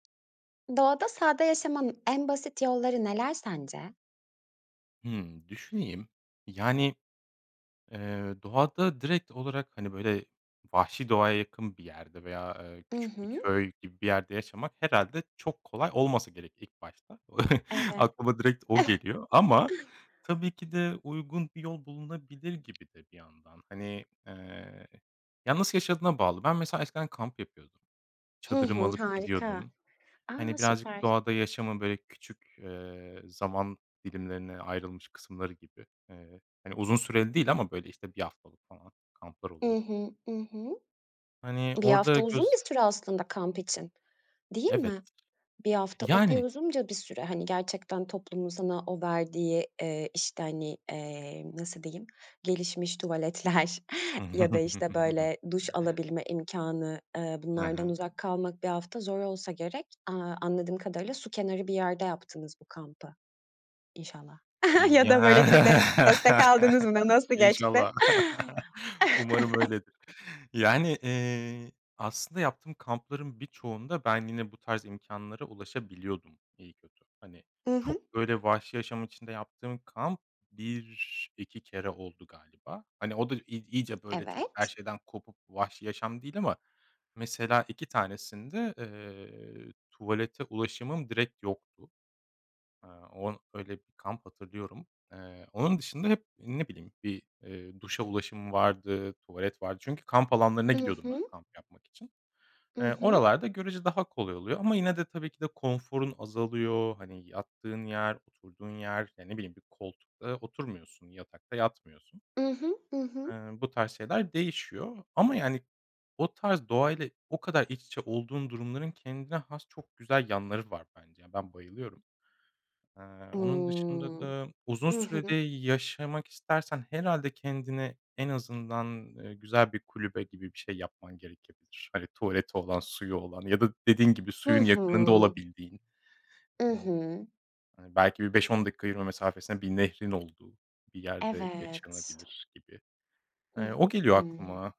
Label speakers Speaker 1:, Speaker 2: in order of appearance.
Speaker 1: Doğada sade yaşamanın en basit yolları neler sence?
Speaker 2: Hımm, düşüneyim. Yani, ııı, doğada direkt olarak, hani, böyle, vahşi doğaya yakın bir yerde veya, aaa,
Speaker 1: I
Speaker 2: küçük bir
Speaker 1: hı.
Speaker 2: köy gibi bir yerde yaşamak herhâlde çok kolay olmasa gerek ilk başta.
Speaker 1: Evet.
Speaker 2: Aklıma direkt o geliyor. Ama tabii ki de uygun bir yol bulunabilir gibi de bir yandan. Hani, aaa, ya nasıl yaşadığına bağlı. Ben mesela eskiden kamp yapıyordum.
Speaker 1: Hı
Speaker 2: Çadırımı
Speaker 1: hı,
Speaker 2: alıp
Speaker 1: harika.
Speaker 2: gidiyordum.
Speaker 1: A!
Speaker 2: Hani birazcık
Speaker 1: Süper.
Speaker 2: doğada yaşamı böyle küçük, eee, zaman dilimlerine ayrılmış kısımları gibi. Eee, hani, uzun süreli değil ama, böyle, işte, 1 haftalık falan kamplar
Speaker 1: I
Speaker 2: oluyor
Speaker 1: hı, ı hı.
Speaker 2: Hani
Speaker 1: 1
Speaker 2: orada
Speaker 1: hafta uzun
Speaker 2: göz
Speaker 1: bir süre aslında kamp için, değil
Speaker 2: Evet.
Speaker 1: mi? 1 hafta epey
Speaker 2: Yani.
Speaker 1: uzunca bir süre hani gerçekten toplumun sana o verdiği, eee, işte, hani, eee, nasıl diyeyim gelişmiş tuvaletler ya da, işte, böyle, duş alabilme imkânı, ııı,
Speaker 2: Ha
Speaker 1: bunlardan
Speaker 2: ha.
Speaker 1: uzak kalmak 1 hafta zor olsa gerek. Aaa, anladığım kadarıyla su kenarı bir yerde yaptınız bu kampı inşallah.
Speaker 2: Iıı,
Speaker 1: Ya da
Speaker 2: ya
Speaker 1: böyle gidip destek aldınız mı nasıl geçti?
Speaker 2: İnşallah. Umarım öyledir. Yani, iii, aslında yaptığım kampların birçoğunda ben yine bu tarz imkânlara ulaşabiliyordum iyi kötü. Hani
Speaker 1: I hı.
Speaker 2: çok, böyle, vahşi yaşam içinde yaptığım kamp 1-2 kere oldu galiba. Hani o da i i iyice, böyle, çok her
Speaker 1: Evet.
Speaker 2: şeyden kopup vahşi yaşam değil ama mesela 2 tanesinde, eee, tuvalete ulaşımım direkt yoktu. Aaa, o öyle bir kamp hatırlıyorum. Aaa, onun dışında hep ne bileyim bir, eee, duşa ulaşımım vardı, tuvalet vardı. Çünkü kamp alanlarına
Speaker 1: I
Speaker 2: gidiyordum ben
Speaker 1: hı.
Speaker 2: kamp yapmak için.
Speaker 1: I
Speaker 2: Eee,
Speaker 1: hı.
Speaker 2: oralarda görüce daha kolay oluyor ama yine de tabii ki de konforun azalıyor. Hani yattığın yer, oturduğun yer, ya ne bileyim bir koltukta oturmuyorsun, yatakta yatmıyorsun.
Speaker 1: I hı, ı hı.
Speaker 2: Eee, bu tarz şeyler değişiyor ama yani o tarz doğayla o kadar iç içe olduğun durumların kendine has çok güzel yanları var bence ya. Ben bayılıyorum. Eee, onun dışında
Speaker 1: Imm.
Speaker 2: da uzun
Speaker 1: I hı.
Speaker 2: sürede yaşamak istersen herhâlde kendine en azından, ııı, güzel bir kulübe gibi bir şey yapman gerekebilir. Hani tuvaleti olan suyu olan ya da dediğin gibi
Speaker 1: Hı
Speaker 2: suyun yakınında
Speaker 1: hı.
Speaker 2: olabildiğin.
Speaker 1: I
Speaker 2: Eee
Speaker 1: hı.
Speaker 2: Hani belki bir 5-10 dakika yürüme mesafesine bir nehrin olduğu bir yerde
Speaker 1: Evet.
Speaker 2: yaşanabilir gibi.
Speaker 1: Hıh.
Speaker 2: Hani o geliyor
Speaker 1: Hıı.
Speaker 2: aklıma.